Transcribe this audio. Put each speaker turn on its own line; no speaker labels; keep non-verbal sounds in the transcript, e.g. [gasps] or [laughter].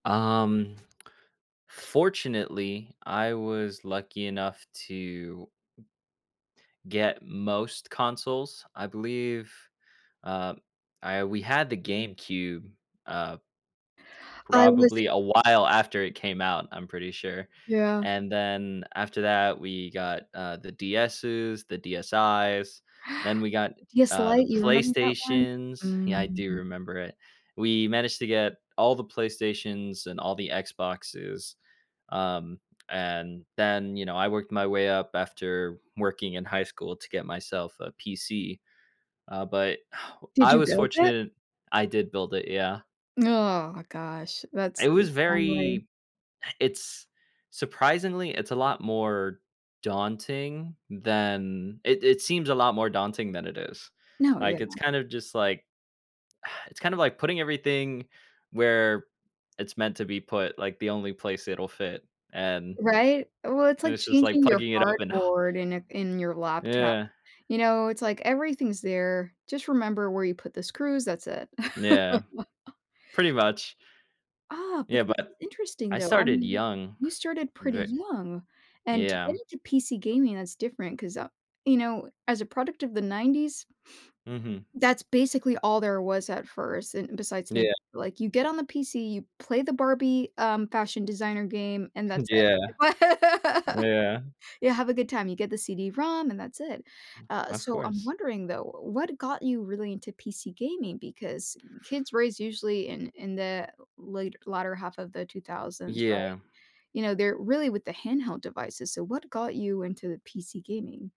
Um, fortunately, I was lucky enough to get most consoles, I believe, uh, I we had the GameCube, uh
I was
probably a while after
i
it came out, I'm pretty sure.
Yeah.
And then, after that, we got, uh, the DS's, the DSIs, then
[gasps]
we got n
DS
uh, the
Lite, you remember that one?
PlayStations Yeah, I do
Mm.
remember it. We managed to get all the PlayStations and all the Xboxes. Um, and then, you know, I worked my way up after working in high school to get myself a PC. Uh, but [exhales]
Did
I
you
was
build it?
fortunate I did build it, yeah.
[groans] Gosh. That's
It
the
was
wrong way.
very it's surprisingly, it's a lot more daunting than it it seems a lot more daunting than it is.
No, yeah.
Like, it's kind of just, like [exhales] it's kind of like putting everything where it's meant to be put, like the only place it'll fit, and
Right? Well, it's like
this is like
changing your
plugging it up and h
hardboard in it in your laptop.
Yeah.
You know, it's like everything's there, just remember where you put the screws, that's it.
Yeah.
[chuckles]
Pretty much.
Ah, but
Yeah,
this
but
is interesting,
I
though. I
started
mean,
young.
you started pretty
Ve
young, and to get
Yeah.
into PC gaming, that's different, 'cause, uh, you know, as a product of the '90s
Mhm.
that's basically all there was at first. And besides Nintendo,
Yeah.
like, you get on the PC, you play the Barbie, um, Fashion Designer game, and
[chuckles]
that's
Yeah.
it. [laughs]
Yeah.
Yeah, have a good time, you get the CD-ROM and that's it. Uh,
Of
so, I'm
course.
wondering, though, w what got you really into PC gaming? Because kids raised usually in in the late l latter 1/2 of the 2000s, right?
Yeah.
You know, they're really with the handheld devices, so, what got you into the PC gaming?